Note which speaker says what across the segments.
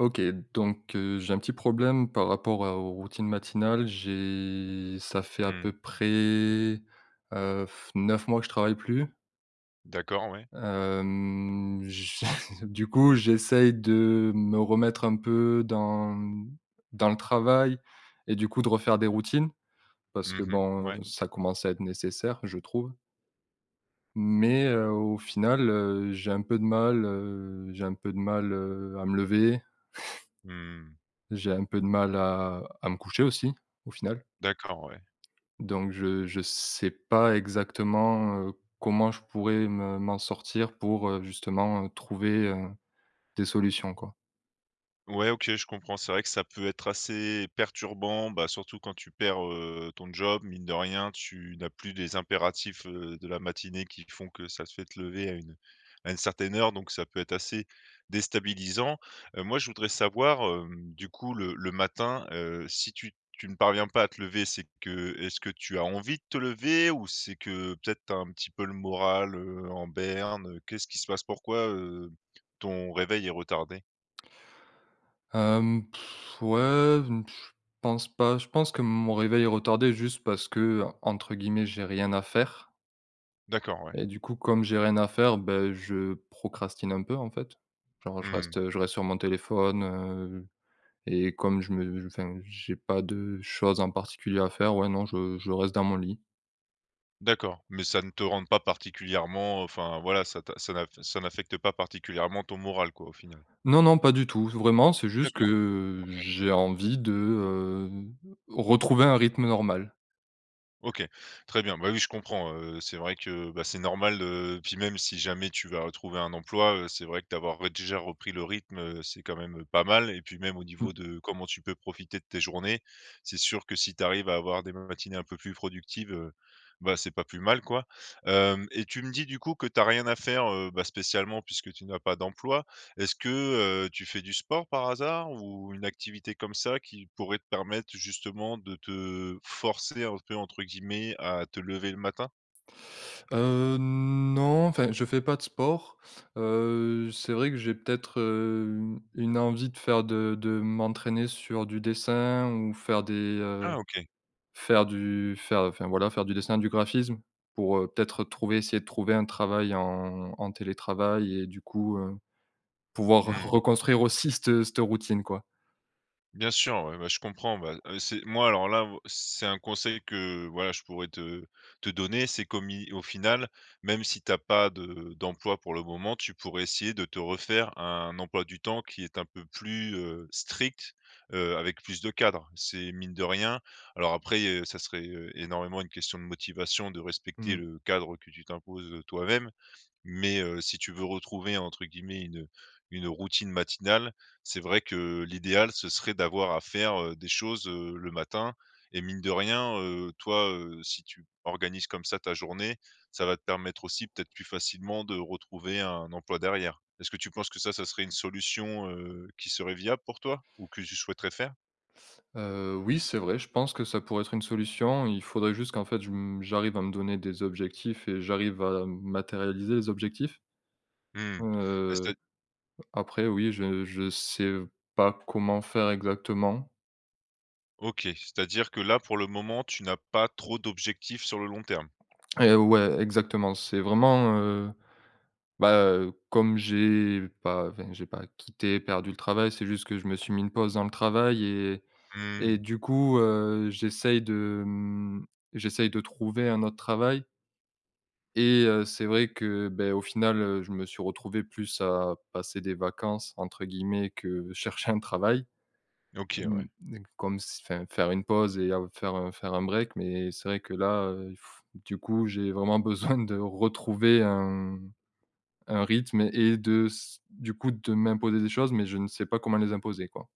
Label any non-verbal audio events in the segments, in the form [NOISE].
Speaker 1: OK, donc, heu, j'ai un petit problème par rapport à aux routines matinales. J'ai ça fait à
Speaker 2: Mmh.
Speaker 1: peu près, heu, [BLOWS AIR] 9 mois que je travaille plus.
Speaker 2: D'accord, ouais.
Speaker 1: Hem, j [CHUCKLES] du coup, j'essaye de me remettre un peu dans dans le travail et du coup, de refaire des routines parce
Speaker 2: Mmh
Speaker 1: que
Speaker 2: mh,
Speaker 1: bon,
Speaker 2: ouais.
Speaker 1: heu, ça commence à être nécessaire, je trouve. Mais, heu, au final, heu, j'ai un peu de mal, heu, j'ai un peu de mal, heu, à me lever. [CHUCKLES]
Speaker 2: Mmh.
Speaker 1: J'ai un peu de mal à à me coucher aussi, au final.
Speaker 2: D'accord, ouais.
Speaker 1: Donc, je je sais pas exactement, heu, comment je pourrais me m'en sortir pour, heu, justement, heu, trouver, heu, des solutions, quoi.
Speaker 2: Ouais, OK, je comprends. C'est vrai que ça peut être assez perturbant, bah, surtout quand tu perds, heu, ton job, mine de rien, tu n'as plus des impératifs, heu, de la matinée qui font que ça te fait lever à une à une certaine heure. Donc ça peut être assez déstabilisant. Heu, moi, je voudrais savoir, hem, du coup, le le matin, heu, si tu tu ne parviens pas à te lever c'est que est-ce que tu as envie de te lever ou c'est que peut-être, tu as un petit peu le moral, heu, en berne, heu? Qu'est-ce qui se passe? Pourquoi, heu, ton réveil est retardé?
Speaker 1: Hem, [BLOWS AIR] ouais je pense pas, je pense que mon réveil est retardé juste parce que, heu, entre guillemets, «j'ai rien à faire».
Speaker 2: D'accord, ouais.
Speaker 1: Et du coup, comme j'ai rien à faire, bah, je procrastine un peu, en fait. Genre,
Speaker 2: Mmh
Speaker 1: je
Speaker 2: mh.
Speaker 1: reste, heu, je reste sur mon téléphone, heu et comme je me enfin, j'ai pas de choses en particulier à faire, ouais, non, je je reste dans mon lit.
Speaker 2: D'accord. Mais ça ne te rende pas particulièrement, heu, enfin, voilà, ça t ça n'aff ça n'affecte pas particulièrement ton moral, quoi, au final?
Speaker 1: Non, non, pas du tout, vraiment, c'est juste
Speaker 2: D'accord,
Speaker 1: que
Speaker 2: OK.
Speaker 1: j'ai envie de, heu, retrouver un rythme normal.
Speaker 2: OK, très bien. Bah, oui, je comprends, heu, c'est vrai que, bah, c'est normal, heu, puis même si jamais tu vas retrouver un emploi, heu, c'est vrai que d'avoir, ouais, déjà repris le rythme, heu, c'est quand même, heu, pas mal et puis, même au
Speaker 1: Mmh.
Speaker 2: niveau de comment tu peux profiter de tes journées. C'est sûr que si tu arrives à avoir des matinées un peu plus productives, heu, bah, c'est pas plus mal, quoi. Hem, et tu me dis, du coup, que tu as rien à faire, heu, bah, spécialement puisque tu n'as pas d'emploi. Est-ce que, heu, tu fais du sport, par hasard, ou une activité comme ça qui pourrait te permettre, justement, de te forcer un peu, entre guillemets, à te lever le matin?
Speaker 1: Heu, non enfin, je fais pas de sport. Heu, c'est vrai que j'ai peut-être, heu, une une envie de faire, de de m'entraîner sur du dessin ou faire des, heu,
Speaker 2: Ah OK.
Speaker 1: faire du faire, enfin, voilà, faire du dessin, du graphisme. Pour, heu, peut-être retrouver essayer de trouver un travail en en télétravail et du coup, heu, pouvoir re
Speaker 2: Mmh.
Speaker 1: reconstruire aussi cette cette routine, quoi.
Speaker 2: Bien sûr. Ouais, bah, je comprends. Bah, heu, c'est moi, alors, là, moi, c'est un conseil que, voilà, je pourrais te te donner, c'est comme y au final, même si tu as pas de d'emploi pour le moment, tu pourrais essayer de te refaire un emploi du temps qui est un peu plus, heu, strict, heu, avec plus de cadre. C'est mine de rien alors, après, heu, ça serait, heu, énormément une question de motivation, de respecter
Speaker 1: Mmh.
Speaker 2: le, cadre que tu t'imposes, heu, toi-même, mais, heu, si tu veux retrouver entre guillemets une une routine matinale c'est vrai que, l'idéal ce serait d'avoir à faire, heu, des choses, heu, le matin et mine de rien, heu, toi, heu, si tu organises comme ça ta journée, ça va te permettre aussi, peut-être plus facilement, de retrouver un emploi derrière. Est-ce que tu penses que ça serait une solution, heu, qui serait viable pour toi ou que tu souhaiterais faire?
Speaker 1: Heu, oui. C'est vrai, je pense que ça pourrait être une solution. Il faudrait juste qu'en fait je m j'arrive à me donner des objectifs et j'arrive à, m matérialiser les objectifs
Speaker 2: Mmh. Bah, c'est à
Speaker 1: heu,
Speaker 2: d
Speaker 1: après, oui, je je sais pas comment faire exactement.
Speaker 2: OK, c'est-à-dire que là, pour le moment, tu n'as pas trop d'objectifs sur le long terme?
Speaker 1: Et heu, ouais, exactement. C'est vraiment, heu, bah, heu, comme j'ai pas, enfin, j'ai pas quitté perdu le travail, c'est juste que je me suis mis une pause dans le travail et et
Speaker 2: Mmh.
Speaker 1: du coup, heu, j'essaie de m j'essaie de trouver un autre travail et, heu, c'est vrai que, beh, au final, heu, je me suis retrouvé plus à passer des vacances, entre guillemets que, chercher un travail.
Speaker 2: OK, ouais.
Speaker 1: Hem, hem, comme si, enfin, faire une pause et à faire faire un break, mais c'est vrai que là, heu, du coup, j'ai vraiment besoin de retrouver un un rythme et de s du coup de m'imposer des choses, mais je ne sais pas comment les imposer, quoi.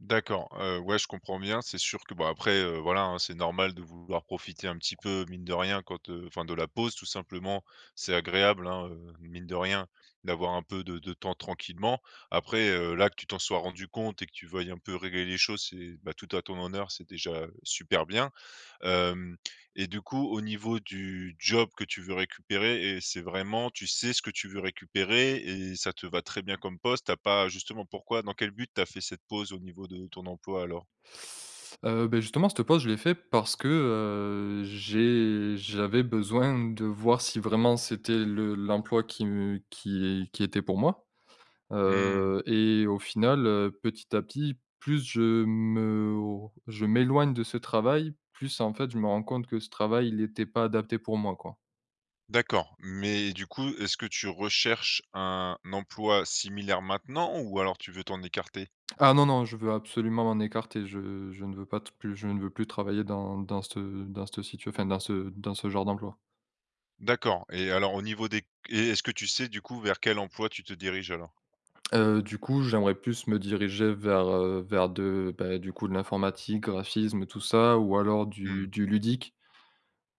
Speaker 2: D'accord, heu, ouais je comprends bien, c'est sûr que, bah, après, heu, voilà hein, c'est normal de vouloir profiter un petit peu, mine de rien, quand, heu enfin, de la pause tout simplement. C'est agréable hein, heu, mine de rien, d'avoir un peu de de temps tranquillement. Après, heu, là, que tu t'en sois rendu compte et que tu veuilles un peu régler les choses, c'est, ben, tout à ton honneur, c'est déjà, heu, super bien, hem et du coup, au niveau du job que tu veux récupérer et c'est vraiment tu sais ce que tu veux récupérer, et ça te va très bien comme poste? Tu as pas justement pourquoi dans quel but tu as fait cette pause, au niveau de ton emploi alors?
Speaker 1: Heu, beh, justement, cette pause je l'ai fait parce que, heu, j'ai j'avais besoin de voir si, vraiment, c'était le l'emploi qui me qui est qui était pour moi,
Speaker 2: Mmh.
Speaker 1: heu, et au final, heu, petit à petit, plus je m'or je m'éloigne de ce travail, plus en fait je me rends compte que ce travail, il était pas adapté pour moi, quoi.
Speaker 2: D'accord. Mais du coup, est-ce que tu recherches un emploi similaire maintenant ou alors tu veux t'en écarter?
Speaker 1: Ah non, non, je veux absolument m'en écarter, je je ne veux pas t plus je ne veux plus travailler dans dans ce dans cette situa enfin dans ce dans ce genre d'emploi.
Speaker 2: D'accord et alors au niveau des q et est-ce que tu sais, du coup, vers quel emploi tu te diriges, alors?
Speaker 1: Heu, du coup, j'aimerais plus me diriger vers, heu, vers de bah, du coup, de l'informatique, graphisme tout ça. Ou alors du
Speaker 2: Mmh.
Speaker 1: du ludique,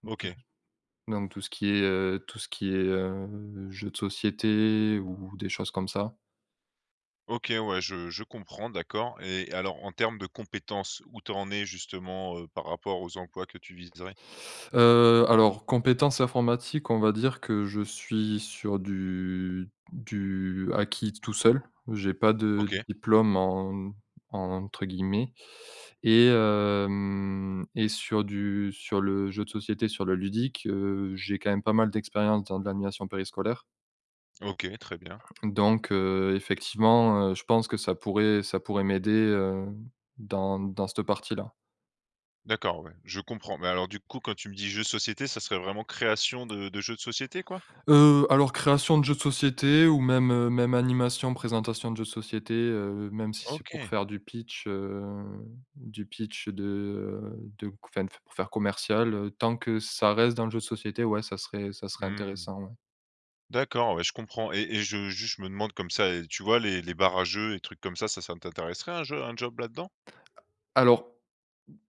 Speaker 1: ou tout ce
Speaker 2: OK.
Speaker 1: donc tout ce qui est, heu tout ce qui est, heu, jeux de société ou des choses comme ça.
Speaker 2: OK ouais, je je comprends, d'accord et alors en termes de compétences, où tu en es justement, heu, par rapport aux emplois que tu viserais?
Speaker 1: Heu, alors, compétences informatiques, on va dire que je suis sur du du acquis t tout seul. J'ai pas de
Speaker 2: OK.
Speaker 1: «diplôme» en entre guillemets et hem et sur du sur le jeu de société, sur le ludique, heu, j'ai quand même pas mal d'expérience, dans de l'animation périscolaire.
Speaker 2: OK, très bien.
Speaker 1: Donc, heu, effectivement, heu, je pense que ça pourrait ça pourrait m'aider, heu, dans dans cette partie-là.
Speaker 2: D'accord, ouais. Je comprends, mais alors, du coup, quand tu me dis: «jeu de société», ça serait vraiment création de de jeux de société, quoi?
Speaker 1: Heu, alors, création de jeux de société ou même, heu, même animation, présentation de jeux de société, heu, même si c'est pour
Speaker 2: OK.
Speaker 1: faire du pitch, heu, du pitch de, heu, de qu enfin, pour faire commercial, heu, tant que ça reste dans le jeu de société, ouais, ça serait ça serait
Speaker 2: Mmh.
Speaker 1: intéressant, ouais.
Speaker 2: D'accord, ouais, je comprends et et je juste, je me demande comme ça et tu vois, les les bar à jeux et trucs comme ça? Ça ça t'intéresserait un jeu un job là-dedans?
Speaker 1: A alors,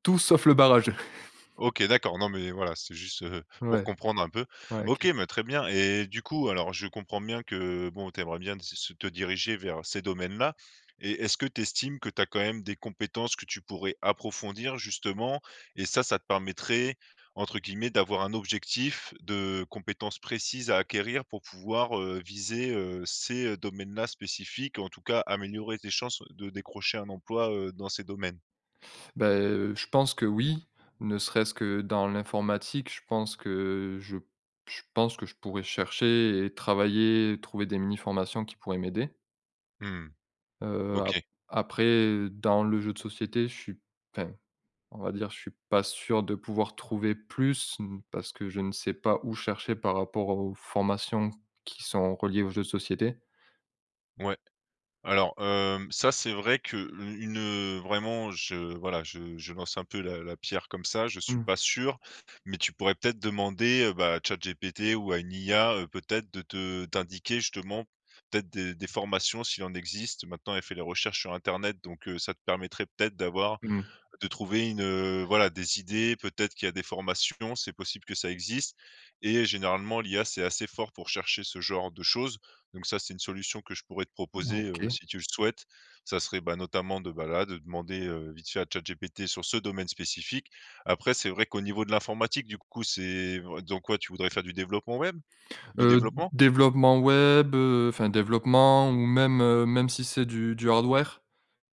Speaker 1: tout sauf le bar à jeux. [CHUCKLES]
Speaker 2: OK, d'accord. Non, mais voilà, c'était juste, heu, pour
Speaker 1: Ouais.
Speaker 2: comprendre un peu.
Speaker 1: Ouais,
Speaker 2: OK,
Speaker 1: OK.
Speaker 2: mais très bien et et du coup, alors, je comprends bien que, bon, tu aimerais bien t se se te diriger vers ces domaines-là et est-ce que tu estimes que tu as quand même des compétences que tu pourrais approfondir, justement et ça, ça te permettrait, entre guillemets, «d'avoir un objectif de compétences précises à acquérir» pour pouvoir, heu, viser, heu, ces, heu, domaines-là spécifiques, ou en tout cas, améliorer tes chances de décrocher un emploi, heu, dans ces domaines?
Speaker 1: Bah, heu, je pense que oui. Ne serait-ce que dans l'informatique, je pense que je je pense que je pourrais chercher et travailler, trouver des mini-formations qui pourraient m'aider.
Speaker 2: Mmh mh,
Speaker 1: Heu, a
Speaker 2: OK.
Speaker 1: après, dans le jeu de société, je suis enfin, on va dire, je suis pas sûr de pouvoir trouver plus, mmh, parce que je ne sais pas où chercher, par rapport aux formations qui sont reliées aux jeux de société.
Speaker 2: Ouais, alors, hem, ça, c'est vrai que le une, heu, vraiment je voilà, je je lance un peu la la pierre comme ça. Je suis pas
Speaker 1: Mmh.
Speaker 2: sûr, mais tu pourrais peut-être demander, heu, bah, à chatGPT ou à une IA, heu, peut-être de te t'indiquer justement, peut-être, des des formations s'il en existe. Maintenant, elle fait les recherches sur internet, donc, heu, ça te permettrait peut-être d'avoir
Speaker 1: Mmh.
Speaker 2: de trouver une, heu, voilà, des idées. Peut-être qu'il y a des formations, c'est possible que ça existe et généralement l'IA, c'est assez fort pour chercher ce genre de choses, donc ça, c'est une solution que je pourrais te
Speaker 1: Mmh,
Speaker 2: proposer, heu,
Speaker 1: OK.
Speaker 2: si tu le souhaites, ça serait, bah, notamment de, bah, là, de demander, heu, vite fait à chatGPT, sur ce domaine spécifique. Après, c'est vrai qu'au niveau de l'informatique, du coup, c'est vr dans quoi? Tu voudrais faire du développement web? Du
Speaker 1: Heu, d
Speaker 2: développement?
Speaker 1: développement web, heu, enfin, développement, ou même, heu, même si c'est du du hardware,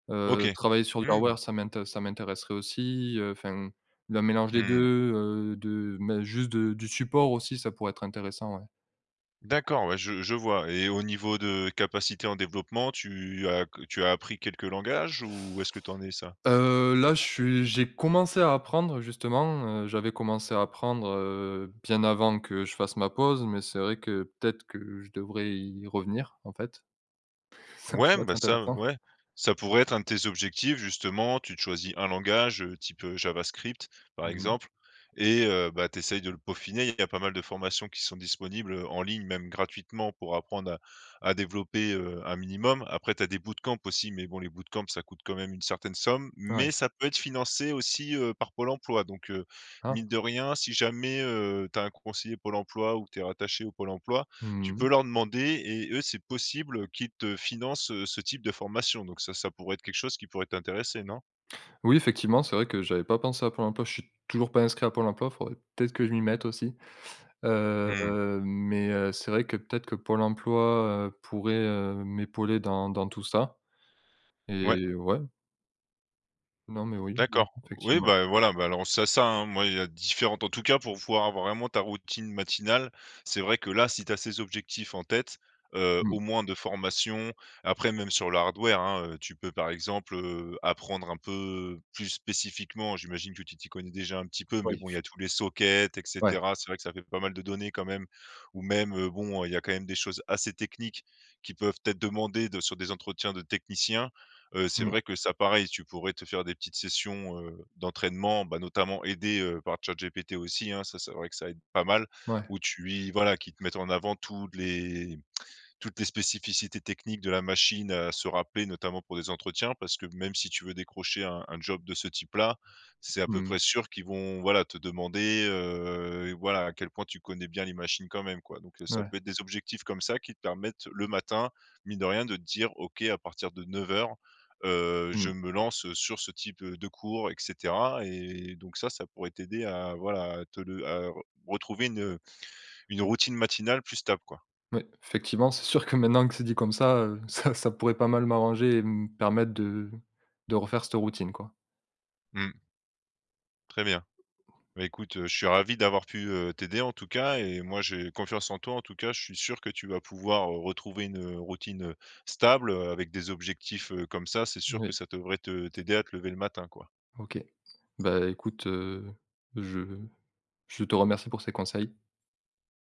Speaker 1: heu,
Speaker 2: OK,
Speaker 1: travailler sur du hardware
Speaker 2: mmh.
Speaker 1: ça m'intér ça m'intéresserait aussi, heu, enfin, le mélange des
Speaker 2: Mmh.
Speaker 1: 2, heu, de m hein, juste de du support aussi, ça pourrait être intéressant, ouais.
Speaker 2: D'accord, ouais, je je vois et au niveau de capacités en développement tu as q tu as appris quelques langages? Où est-ce que tu en es, ça?
Speaker 1: Heu, là, je suis j'ai commencé à apprendre, justement, heu, j'avais commencé à apprendre, heu, bien avant que je fasse ma pause. Mais c'est vrai que, peut-être que je devrais y revenir, en fait. Ça
Speaker 2: Ouais,
Speaker 1: pourrait être
Speaker 2: ben, ça
Speaker 1: intéressant.
Speaker 2: ouais, ça pourrait être un de tes objectifs justement, tu te choisis un langage, heu, type, heu, javascript, par
Speaker 1: Mmh mh.
Speaker 2: exemple et heu, bah tu essayes de le peaufiner, il y a pas mal de formations qui sont disponibles, heu, en ligne, même gratuitement, pour apprendre à à développer, heu, un minimum. Après tu as des bootcamps aussi, mais bon, les bootcamps, ça coûte quand même une certaine somme. Mais
Speaker 1: Ouais.
Speaker 2: ça peut être financé aussi, heu, par Pôle emploi, donc, heu, mine
Speaker 1: Ah!
Speaker 2: de rien, si jamais, heu, tu as un conseiller Pôle emploi ou que tu es rattaché au Pôle emploi, tu
Speaker 1: Mmh
Speaker 2: peux
Speaker 1: mh.
Speaker 2: leur demander et eux, c'est possible, heu, qu'ils te financent, heu, ce type de formation donc ça, ça pourrait être quelque chose qui pourrait t'intéresser, non?
Speaker 1: Oui effectivement, c'est vrai que j'avais pas pensé à Pôle emploi, je suis toujours pas inscrit à Pôle emploi. Faudrait peut-être que je m'y mette aussi. Heu,
Speaker 2: Mmh.
Speaker 1: heu, mais, heu, c'est vrai que, peut-être que Pôle emploi, heu, pourrait, heu, m'épauler dans dans tout ça,
Speaker 2: Ouais.
Speaker 1: et ouais. Non mais oui, mmh,
Speaker 2: D'accord, oui,
Speaker 1: effectivement.
Speaker 2: bah, heu, voilà, bah, alors, c'est ça, hein, moi, il y a différentes en tout cas, pour pouvoir avoir vraiment ta routine matinale, c'est vrai que, là, si tu as ces objectifs en tête, heu,
Speaker 1: Mmh.
Speaker 2: au moins de formation, après, même sur le hardware hein, heu, tu peux par exemple, heu, apprendre un peu plus spécifiquement, j'imagine que tu t'y connais déjà un petit peu,
Speaker 1: Ouais
Speaker 2: mais
Speaker 1: il
Speaker 2: bon, il y
Speaker 1: f
Speaker 2: a tous les sockets et
Speaker 1: Ouais.
Speaker 2: cetera, c'est vrai que ça fait pas mal de données quand même. Ou même, heu, bon, heu, il y a quand même des choses assez techniques qui peuvent être demandées de sur des entretiens de techniciens, heu, c'est
Speaker 1: Mmh.
Speaker 2: vrai que ça, pareil, tu pourrais te faire des petites sessions, heu, d'entraînement, bah, notamment aidé, heu, par ChatGPT aussi, hein, ça c'est vrai que ça aide pas mal.
Speaker 1: Ouais.
Speaker 2: Ou tu y voilà, qui te mette en avant toutes les toutes les spécificités techniques de la machine, à se rappeler, notamment, pour des entretiens, parce que, même si tu veux décrocher un un job de ce type là, c'est à peu
Speaker 1: Mmh.
Speaker 2: près sûr qu'ils vont, voilà, te demander, heu, voilà, à quel point tu connais bien les machines quand même quoi. Donc, heu, ça
Speaker 1: Mouais.
Speaker 2: peut être des objectifs comme ça, qui te permettent, le matin, mine de rien, de te dire: «OK à partir de 9:00, heu, je
Speaker 1: Mmh.
Speaker 2: me lance, heu, sur ce type, heu, de cours et cetera et donc ça, ça pourrait t'aider à voilà, à te le à re retrouver une, heu, une routine matinale plus stable quoi.
Speaker 1: Oui, effectivement, c'est sûr que maintenant que c'est dit comme ça, heu, ça ça pourrait pas mal m'arranger et me permettre de de refaire cette routine quoi.
Speaker 2: Mmh. Très bien. Bah, écoute, heu, je suis ravi d'avoir pu, heu, t'aider en tout cas et moi, j'ai confiance en toi, en tout cas, je suis sûr que tu vas pouvoir, heu, retrouver une, heu, routine, heu, stable, heu, avec des objectifs, heu, comme ça, c'est sûr que
Speaker 1: Oui.
Speaker 2: ça devrait te t'aider à te lever le matin quoi.
Speaker 1: OK, bah, écoute, heu, je je te remercie pour ces conseils.